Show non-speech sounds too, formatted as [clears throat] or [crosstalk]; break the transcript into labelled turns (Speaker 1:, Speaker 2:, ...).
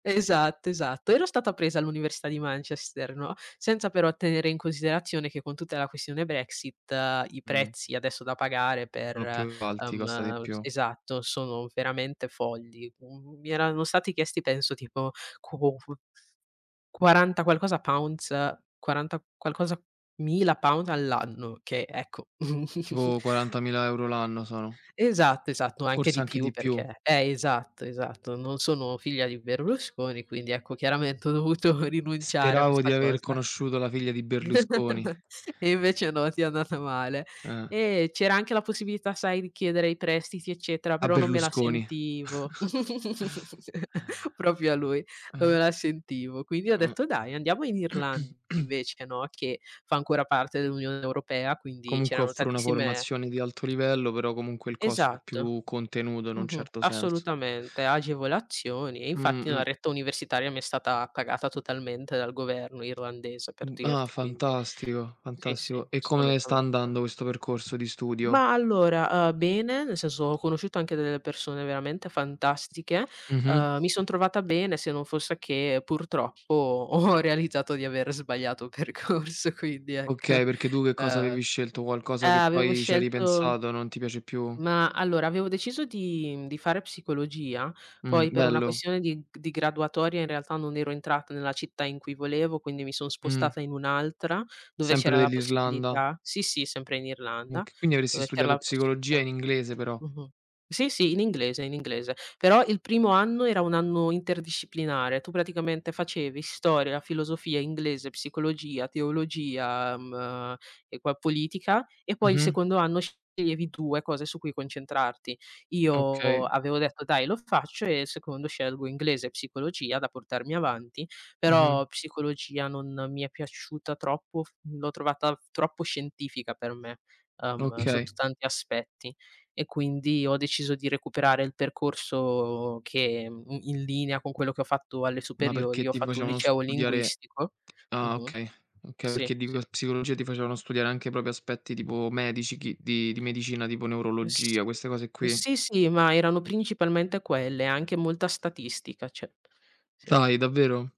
Speaker 1: Esatto, esatto. Ero stata presa all'Università di Manchester, no, senza però tenere in considerazione che con tutta la questione Brexit i
Speaker 2: Mh.
Speaker 1: prezzi adesso da pagare
Speaker 2: Sono
Speaker 1: per
Speaker 2: più alti, costa di
Speaker 1: uhm
Speaker 2: più.
Speaker 1: esatto, sono veramente folli. Mhmm, mi erano stati chiesti penso tipo, quo q quaranta qualcosa pounds quaranta qualcosa mila pounds all'anno che, ecco [chuckles]
Speaker 2: Tipo 40.000 € l'anno sono.
Speaker 1: Esatto, esatto, ma anche
Speaker 2: Forse
Speaker 1: di
Speaker 2: anche
Speaker 1: più
Speaker 2: di più.
Speaker 1: perché eh esatto, esatto, non sono figlia di Berlusconi, quindi ecco, chiaramente ho dovuto rinunciare a
Speaker 2: Speravo
Speaker 1: questa
Speaker 2: di aver
Speaker 1: cosa.
Speaker 2: conosciuto la figlia di Berlusconi.
Speaker 1: [chuckles] E invece no, ti è andata male.
Speaker 2: Eh.
Speaker 1: Eh, c'era anche la possibilità sai, di chiedere i prestiti eccetera,
Speaker 2: A
Speaker 1: però non me la
Speaker 2: Berlusconi.
Speaker 1: sentivo [chuckles] proprio a lui,
Speaker 2: [chuckles] [sighs]
Speaker 1: non me
Speaker 2: Mh-mh.
Speaker 1: la sentivo. Quindi ho
Speaker 2: Mh.
Speaker 1: detto: "Dai, andiamo in Irland
Speaker 2: [clears throat]
Speaker 1: invece" no, che fa ancora parte dell'Unione Europea quindi
Speaker 2: Comunque
Speaker 1: c'erano
Speaker 2: offro una
Speaker 1: tantissime
Speaker 2: formazione di alto livello, però comunque il costo è
Speaker 1: Esatto,
Speaker 2: più contenuto in un
Speaker 1: mh-mh,
Speaker 2: certo senso.
Speaker 1: assolutamente, agevolazioni e infatti la
Speaker 2: Mh-mh.
Speaker 1: retta universitaria mi è stata pagata totalmente dal governo irlandese, per
Speaker 2: Mh, ah,
Speaker 1: dirti quindi.
Speaker 2: fantastico,
Speaker 1: Sì sì,
Speaker 2: fantastico. E come sta
Speaker 1: assolutamente.
Speaker 2: andando questo percorso di studio?
Speaker 1: Ma allora, uhm, bene, nel senso, ho conosciuto anche delle persone veramente fantastiche,
Speaker 2: Mh-mh.
Speaker 1: mi son trovata bene, se non fosse che purtroppo, ho realizzato di aver sbagliato percorso quindi ecco,
Speaker 2: Okay, perché tu che cosa
Speaker 1: uhm
Speaker 2: avevi scelto?
Speaker 1: eh,
Speaker 2: Qualcosa che
Speaker 1: avevo
Speaker 2: poi ci hai
Speaker 1: scelto
Speaker 2: ripensato, non ti piace più?
Speaker 1: Mah, allora avevo deciso di di fare psicologia,
Speaker 2: Mh,
Speaker 1: poi per una
Speaker 2: bello.
Speaker 1: questione di g di graduatoria in realtà non ero entrata nella città in cui volevo, quindi mi sono
Speaker 2: Mh.
Speaker 1: spostata in un'altra, dove
Speaker 2: Sempre
Speaker 1: c'era la
Speaker 2: dell'Irlanda.
Speaker 1: possibilità. Sì, sì, sempre in Irlanda,
Speaker 2: Ok quindi avresti
Speaker 1: dove c'era
Speaker 2: studiato
Speaker 1: la
Speaker 2: psicologia
Speaker 1: possibilità
Speaker 2: in inglese però.
Speaker 1: mh-mh, sì sì, in inglese, in inglese. Però il primo anno, era un anno interdisciplinare. Tu praticamente facevi storia, la filosofia, inglese, psicologia, teologia, mhmm, e poi politica, e poi il
Speaker 2: Mh-mh.
Speaker 1: secondo anno sceglievi tu le cose su cui concentrarti. Io
Speaker 2: Okay.
Speaker 1: avevo detto: "Dai lo faccio e al secondo scelgo inglese e psicologia da portarmi avanti".
Speaker 2: Mh-mh.
Speaker 1: Però, psicologia non mi è piaciuta troppo, f l'ho trovata troppo scientifica per me, uhm, sotto
Speaker 2: Ok.
Speaker 1: tanti aspetti e quindi, ho deciso di recuperare il percorso che in linea con quello che ho fatto alle
Speaker 2: Ma
Speaker 1: superiori,
Speaker 2: perché,
Speaker 1: ho
Speaker 2: ti
Speaker 1: fatto un
Speaker 2: facevano
Speaker 1: liceo
Speaker 2: studiare?
Speaker 1: linguistico. Mh,
Speaker 2: Ah,
Speaker 1: mh,
Speaker 2: okay. Okay,
Speaker 1: sì,
Speaker 2: perché di
Speaker 1: sì.
Speaker 2: psicologia ti facevano studiare anche proprio aspetti tipo medici, chi di di medicina, tipo
Speaker 1: Eh s
Speaker 2: neurologia, queste cose qui.
Speaker 1: sì, si, ma erano principalmente quelle, anche molta statistica, cioè sì.
Speaker 2: Dai davvero?